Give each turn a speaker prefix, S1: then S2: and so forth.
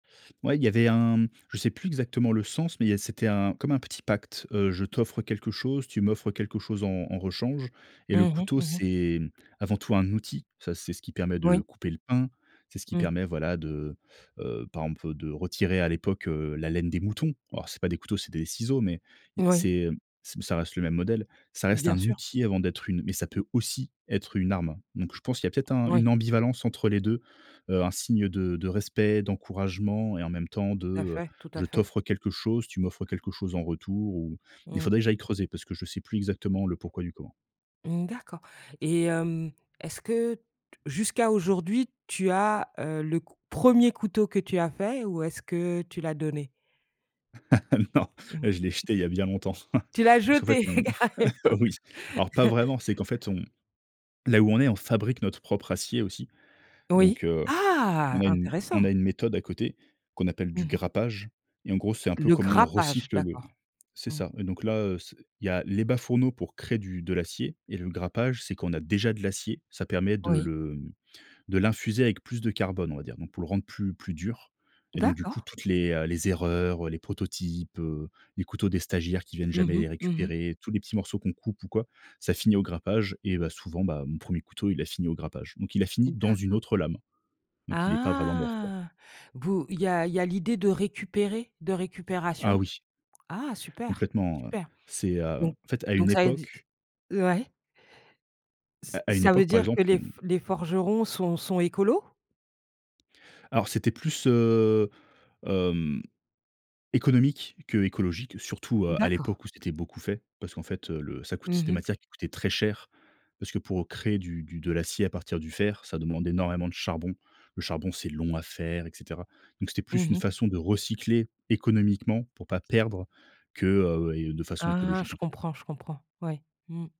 S1: Ouais, il y avait un Je sais plus exactement le sens, mais, il y a c'était un comme un petit pacte. Heu, je t'offre quelque chose, tu m'offres quelque chose en en rechange. Et le
S2: Mmh mh,
S1: couteau,
S2: mmh mh.
S1: c'est, hem, avant tout un outil. Ça, c'est ce qui permet de
S2: Oui.
S1: couper le pain. C'est ce qui
S2: Mmh.
S1: permet, voilà, de, heu, par exemple de retirer à l'époque, heu, la laine des moutons. Alors, c'est pas des couteaux, c'est des ciseaux. Mais, i
S2: Oui.
S1: c'est c ça reste le même modèle. Ça reste
S2: Bien
S1: un
S2: sûr.
S1: outil avant d'être une mais ça peut aussi être une arme. Donc, je pense qu'il y a peut-être un
S2: Oui.
S1: une ambivalence entre les 2. Heu, un signe de de respect, d'encouragement et en même temps de,
S2: Tout à
S1: heu,
S2: fait, tout à
S1: je
S2: fait.
S1: t'offre quelque chose, tu m'offres quelque chose en retour ou il
S2: Mmh.
S1: faudrait que j'aille creuser parce que je sais plus exactement le pourquoi du comment.
S2: Mmh, d'accord. Et hem, est-ce que t jusqu'à aujourd'hui, tu as, heu, le c premier couteau que tu as fait? Ou est-ce que, heu, tu l'as donné?
S1: Non!
S2: Mmh.
S1: Je l'ai jeté il y a bien longtemps.
S2: Tu l'as
S1: Parce qu'en fait,
S2: jeté!
S1: on
S2: Carrément.
S1: oui. Alors, pas vraiment. C'est qu'en fait, on là, où on est, on fabrique notre propre acier aussi.
S2: Oui,
S1: Donc, heu, on
S2: ah,
S1: a une on
S2: intéressant!
S1: a une méthode à côté, qu'on appelle
S2: Mmh
S1: du
S2: mh.
S1: grappage et en gros, c'est un peu
S2: Le
S1: comment on
S2: grappage,
S1: recycle le
S2: d'accord.
S1: c'est
S2: Mmh.
S1: ça! Et donc là, heu, c'est il y a les bas fourneaux pour créer du de l'acier. Et le grappage, c'est qu'on a déjà de l'acier. Ça permet de
S2: Oui.
S1: le, hem, de l'infuser avec plus de carbone, on va dire. Donc, pour le rendre plus plus dur. Et donc, du coup,
S2: D'accord.
S1: toutes les, heu, les erreurs, heu, les prototypes, heu, les couteaux des stagiaires qui viennent jamais
S2: Mmh mh,
S1: les
S2: mmh mh.
S1: récupérer, tous les petits morceaux qu'on coupe ou quoi, ça finit au grappage et bah, souvent, bah, mon premier couteau, il a fini au grappage. Donc il a fini dans
S2: D'accord.
S1: une autre lame. Donc il n'est pas vraiment mort quoi.
S2: Ah! Bo il y a il y a l'idée de récupérer? De
S1: Ah
S2: récupération?
S1: oui!
S2: Ah super,
S1: Complètement, heu.
S2: super.
S1: C'est, heu,
S2: Don
S1: en fait, à une
S2: donc ça exis
S1: époque
S2: ouais. Ç
S1: À à une
S2: ça veut
S1: époque, par
S2: dire que
S1: exemple, on
S2: les f les forgerons sont sont écolos?
S1: Alors, c'était plus, heu, hem, économique que écologique, surtout à à
S2: D'accord.
S1: l'époque où c'était beaucoup fait. Parce qu'en fait, heu, le ça coûtait c'est
S2: Mmh
S1: des
S2: mh.
S1: matières qui coûtaient très cher. Parce que, pour, heu, créer du du de l'acier à partir du fer, ça demande énormément de charbon. Le charbon, c'est long à faire, et cetera. Donc, c'était plus
S2: Mmh
S1: une
S2: mh.
S1: façon de recycler économiquement pour pas perdre que, heu et de façon
S2: Ah,
S1: écologique
S2: je
S1: en tout cas.
S2: comprends, je comprends. Ouais. Mmh.